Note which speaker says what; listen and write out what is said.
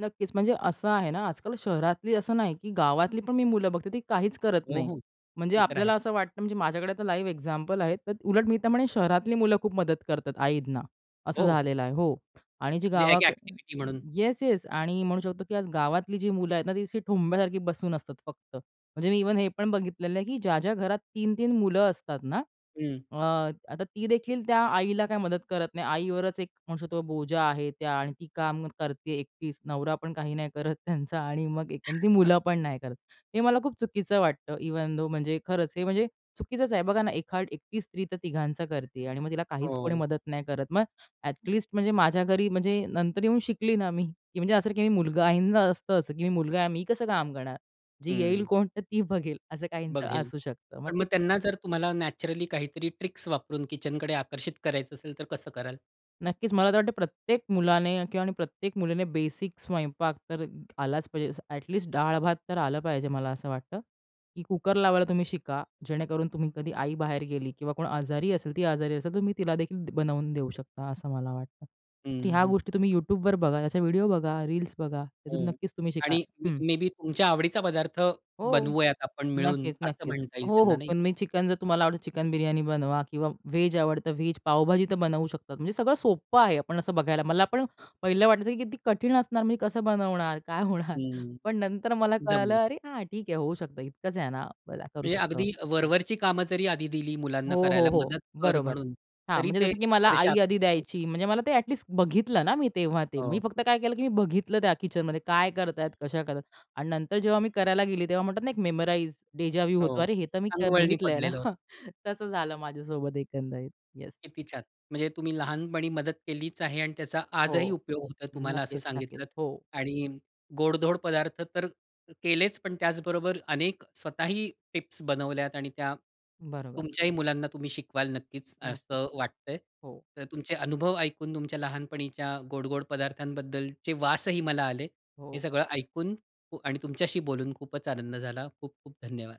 Speaker 1: नक्कीच म्हणजे असं आहे ना, आजकाल शहरातली असं नाही की गावातली पण मी मुलं बघते. ती काहीच करत
Speaker 2: हो,
Speaker 1: नाही.
Speaker 2: हो.
Speaker 1: म्हणजे
Speaker 2: ते तर आहेच.
Speaker 1: आपल्याला असं वाटतं म्हणजे माझ्याकडे आता लाईव्ह एक्झाम्पल आहेत. तर उलट मी तर म्हणेन शहरातली मुलं खूप मदत करतात आईंना, असं
Speaker 2: हो, हो.
Speaker 1: झालेलं आहे हो. आणि जी
Speaker 2: म्हणजे एक
Speaker 1: गावाक
Speaker 2: अ‍ॅक्टिव्हिटी म्हणून.
Speaker 1: येस-येस आणि म्हणू शकतो, की आज गावातली जी मुलं आहेत ना, ती अशी ठोंब्यासारखी बसून असतात फक्त. म्हणजे मी इव्हन हे पण बघितलेलं आहे, की ज्या-ज्या घरात 3-3 मुलं असतात ना,
Speaker 2: हं.
Speaker 1: अ, आता तीदेखील त्या आईला काही मदत करत नाही. आईवरच एक म्हणू शकतो बोजा आहे त्या आणि ती काम करते एकटीच, नवरा पण काही नाही करत त्यांचा आणि मग एक अन् ती मुलं पण नाही करत. हे मला खूप चुकीचं वाटतं इव्हन दो, म्हणजे खरंच हे म्हणजे चुकीचंच आहे. बघा ना, एखादी एकटी स्त्री तर तिघांचं करते आहे आणि मग तिला काहीच कोणी
Speaker 2: हो.
Speaker 1: मदत नाही करत. मग अ‍ॅटलीस्ट म्हणजे माझ्या घरी म्हणजे नंतर येऊन शिकली ना मी की म्हणजे असं, की मी मुलगा आहे. काहींच असतं असं की मी मुलगा आहे मी कसं काम करणार? जी येईल
Speaker 2: हं.
Speaker 1: कोण तर ती बघेल, असं काहीचं
Speaker 2: बघेल.
Speaker 1: असू शकतं. मग
Speaker 2: पण
Speaker 1: ते
Speaker 2: मग
Speaker 1: चुकीचं
Speaker 2: त्यांना जर तुम्हाला नॅचरली काहीतरी ट्रिक्स वापरून किचनकडे आकर्षित करायचं असेल, तर कसं कराल?
Speaker 1: नक्कीच, मला तर वाटतं प्रत्येक मुलाने किंवा आणि प्रत्येक मुलीने बेसिक स्वयंपाक तर आलाच पाहिजे. जसं अ‍ॅटलिस्ट डाळ भात तर आलं पाहिजे. मला असं वाटतं, की कुकर लावायला तुम्ही शिका. जेणेकरून तुम्ही कधी आई बाहेर गेली किंवा कोण आजारी असेल, ती आजारी असेल, तर तुम्ही तिला देखील द बनवून देऊ शकता असं मला वाटतं.
Speaker 2: हं,
Speaker 1: की ह्या
Speaker 2: हं.
Speaker 1: गोष्टी तुम्ही YouTubeवर बघा, असे व्हिडिओ बघा, रील्स बघा. त्यातून
Speaker 2: हो.
Speaker 1: नक्कीच तुम्ही शिका
Speaker 2: आणि म
Speaker 1: हं.
Speaker 2: मे बी तुमच्या आवडीचा पदार्थ
Speaker 1: हो.
Speaker 2: बनवूयात आपण मिळून,
Speaker 1: नक्कीच,
Speaker 2: असं
Speaker 1: नक्कीच.
Speaker 2: म्हणता येईल
Speaker 1: हो,
Speaker 2: त्यांना
Speaker 1: हो.
Speaker 2: नाही?
Speaker 1: पण मी चिकन जर तुम्हाला आवडतं चिकन बिर्याणी बनवा किंवा व्हेज आवडतं व्हेज. पावभाजी तर बनवू शकतात. म्हणजे सगळं सोप्पं आहे, आपण असं बघायला मला पण पहिलं वाटायचं, की किती कठीण असणार. मी कसं बनवणार? काय होणार?
Speaker 2: हं.
Speaker 1: पण नंतर मला कळालं,
Speaker 2: जमलं.
Speaker 1: "अरे, हां, ठीक आहे. होऊ शकतं इतकंच आहे ना, मग काय करू
Speaker 2: म्हणजे
Speaker 1: शकतो."
Speaker 2: अगदी वरवरची कामं जरी आधी दिली
Speaker 1: हो,
Speaker 2: मुलांना
Speaker 1: हो,
Speaker 2: करायला
Speaker 1: हो.
Speaker 2: मदत कर
Speaker 1: बरोबर.
Speaker 2: म्हणून,
Speaker 1: हां,
Speaker 2: तरी
Speaker 1: म्हणजे
Speaker 2: ते
Speaker 1: जसं की मला
Speaker 2: थोडेसे
Speaker 1: आई आधी
Speaker 2: आकर्षित होऊ शकतात.
Speaker 1: द्यायची. म्हणजे मला ते अ‍ॅटलिस्ट बघितलं ना, मी तेव्हा ते. मी
Speaker 2: हो.
Speaker 1: फक्त काय केलं, की मी बघितलं, त्या किचनमध्ये काय करतायेत, कशा करतायत आणि नंतर जेव्हा मी करायला गेली, तेव्हा म्हणतात ना, एक मेमोराइज, डेजा वू होतो.
Speaker 2: हो.
Speaker 1: अरे, हे तर मी
Speaker 2: अंगवळणी
Speaker 1: बघितलं ना.
Speaker 2: पडलेलं होतं.
Speaker 1: हां. तसं झालं माझ्यासोबत एकंदरीत. येस.
Speaker 2: किती छान! म्हणजे तुम्ही लहानपणी मदत केलीच आहे आणि त्याचा आजही
Speaker 1: हो.
Speaker 2: उपयोग होतोय तुम्हाला असं
Speaker 1: नक्कीच, नक्कीच.
Speaker 2: सांगितलत.
Speaker 1: हो.
Speaker 2: आणि गोडधोड पदार्थ तर केलेच, पण त्याचबरोबर अनेक स्वतःही टिप्स बनवल्यात आणि त्या
Speaker 1: बरोबर.
Speaker 2: तुमच्याही मुलांना तुम्ही शिकवाल नक्कीच
Speaker 1: नक्की.
Speaker 2: असं वाटतंय.
Speaker 1: हो.
Speaker 2: तर तुमचे अनुभव ऐकून तुमच्या लहानपणीच्या गोड-गोड पदार्थांबद्दलचे वासही मला आले. हे
Speaker 1: हो.
Speaker 2: सगळं ऐकून उ आणि तुमच्याशी बोलून खूपच आनंद झाला. खूप-खूप धन्यवाद.